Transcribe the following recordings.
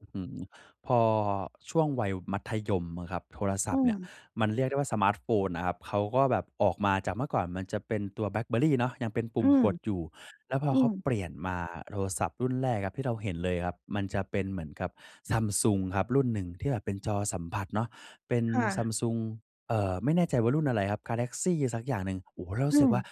อื้อฮือ พอช่วงวัยมัธยมอะครับ โทรศอืัพท์เนี่ยม มันเรียกได้ว่าสมาร์ตโฟนน่ะครับ เขาก็แบบออกมาจากเมื่อก่อนมันจะเป็นตัว BlackBerry เนาะ ยังเป็นปุอื่มม กดอยู่ แล้วพออืเขาม เปลี่ยนมาโทรศัพท์รุ่นแรกครับที่เราเห็นเลยครับ มันจะเป็นเหมือนกับ Samsung ครับรุ่นหนึ่งที่แบบเป็นจอสัมผัสเนาะ เป็น ค่ะ Samsung เอ่อ ไม่แน่ใจว่ารุ่นอะไรครับ Galaxy สักอย่างหนึ่ง โอ่โฮ! เรารอูื้สึกม ว่า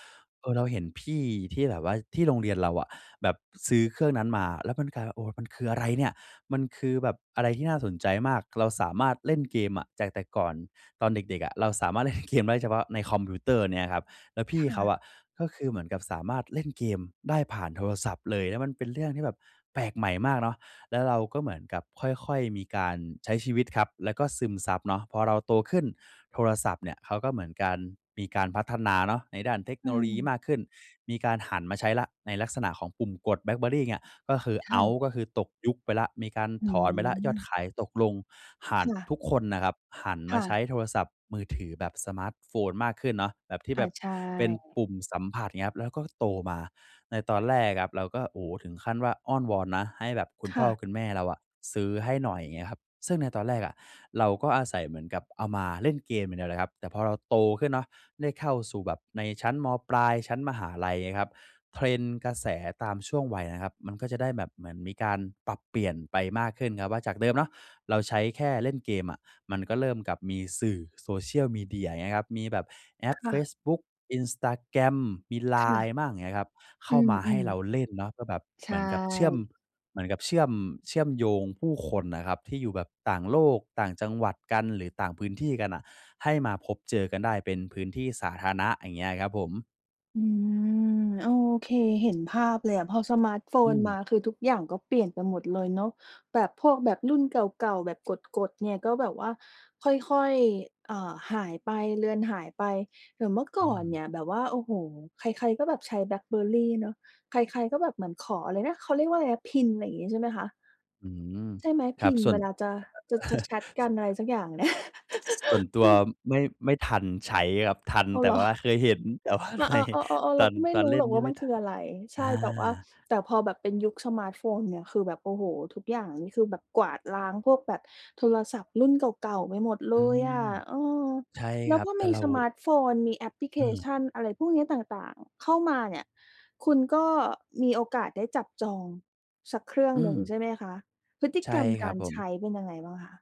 เออ เราเห็นพี่ที่แบบว่าที่โรงเรียนเราอะแบบซื้อเครื่องนั้นมา แล้วมันกลายว่า โอ้ มันคืออะไรเนี่ย มันคือแบบอะไรที่น่าสนใจมาก เราสามารถเล่นเกมอะ จากแต่ก่อนตอนเด็ก ๆ อะ เราสามารถ เล่น เกมได้เฉพาะในคอมพิวเตอร์เนี้ยครับ แล้วพคี่่เขาะ อะก็คือเหมือนกับสามารถเล่นเกมได้ผ่านโทรศัพท์เลย แล้วมันเป็นเรื่องที่แบบแปลกใหม่มากเนาะ แล้วเราก็เหมือนกับค่อย ๆ มีการใช้ชีวิตครับแล้วก็ซึมซับเนาะ พอเราโตขึ้นโทรศัพท์เนี่ย เขาก็เหมือนการ มีการพัฒนาเนาะในด้านเทคโอนโลยีืม มากขึ้น มีการหันมาใช้แล้วในลักษณะของปุ่มกด BlackBerry เนี่ยก็คือคเอ่าตะ ์ ก็คือตกยุคไปแล้ว มีการหืถอนไปแล้ว ยอดอ ขายตกลง ห่าคน ่ะ ทุกคนนะครับหันคมา่ใชะ ้โทรศัพท์มือถือแบบสมาร์ตโฟนมากขึ้นเนาะ แบบที่อแา บบใชเป็น่ ปุ่มสัมผัสอย่างเงี้ยครับ แล้วก็โตมาในตอนแรกครับ เราก็ โอ้ ถึงขั้นว่าอ้อนวอนนะ ให้แบบคุณคพ่่อะ คุณแม่เราอะซื้อให้หน่อยเงี้ยครับ ซึ่งในตอนแรกอะ เราก็อาศัยเหมือนกับเอามาเล่นเกมอย่างเดียวเลยครับ แต่พอเราโตขึ้นเนาะได้เข้าสู่แบบในชั้นม.ปลาย ชั้นมหาลัยเงี้ยครับ Trend กระแสตามช่วงวัยนะครับ มันก็จะได้แบบเหมือนมีการปรับเปลี่ยนไปมากขึ้นครับว่า จากเดิมเนาะเราใช้แค่เล่นเกมอะ มันก็เริ่มกับมีสื่อ Social Media อย่างเงี้ยครับ มีแบบแอคปเ่ฟะ ซบุ๊ก Instagram มี ค่ะ LINE บ้างเงี้ยครับ เขอ้ืามาให้ม เราเล่นเนาะก็แบบๆ ใชเหมือนกับเชื่อม ่ เหมือนกับเชื่อม เชื่อมโยงผู้คนน่ะครับที่อยู่แบบต่างโลก ต่างจังหวัดกัน หรือต่างพื้นที่กันน่ะ ให้มาพบเจอกันได้เป็นพื้นที่สาธารณะอย่างเงี้ยครับผม อืม โอเค เห็นภาพเลยอะ พอสมาร์ตโฟอืนมา ม คือทุกอย่างก็เปลี่ยนไปหมดเลยเนาะ แบบพวกแบบรุ่นเก่า ๆ แบบกด ๆ เนี่ย ก็แบบว่าค่อย ๆ เอ่อ หายไป เลือนหายไป แต่เมื่อกอ่อืนเม นี่ยแบบว่า โอ้โฮ ใคร ๆ ก็แบบใช้ BlackBerry เนาะ ใคร ๆ ก็แบบเหมือนขออะไรนะ เขาเรียกว่าอะไรนะ PIN อะไรงี้ ใช่ไหมคะ? อืม ใช่ไหม? ครับ PIN ส่เววน ลาจะ จะ จะแชตกัน อะไรสักอย่างเนี่ย ส ส่วนตัมวัน ไม่ ไม่ทันใช้ครับ ทัน อ้าแว ต่เหรอ? ว่าเคยเห็น แต่ว่าอ่า ในๆ เออ ๆ ตๆ เรอาน ก็ไม่ตอนรูเ้ล่หรนอกนีว่าไมม่ันทคัือน อะไร ใชอ่ แต่ว่า า แต่พอแบบเป็นยุคสมาร์ตโฟนเนี่ย คือแบบ โอ้โฮ ทุกอย่างนี่คือแบบกวาดล้างพวกแบบโทรศัพท์รุ่นเก่า ๆ ไปหมดเลอืยอะ ม เออ ใช่แลค้วรัพบ อแต่มีเรา สมาร์ตโฟน มีแอปพลิเคอืชม ัน อะไรพวกเนี้ย ต่าง ๆ เข้ามาเนี่ย คุณก็มีโอกาสได้จับจอง สักเครื่องอืหนึ่งม ใช่ไหมคะ? พฤติใช่กรรมคกรัาบรผใชม ้เป็นยังไงบ้างคะ?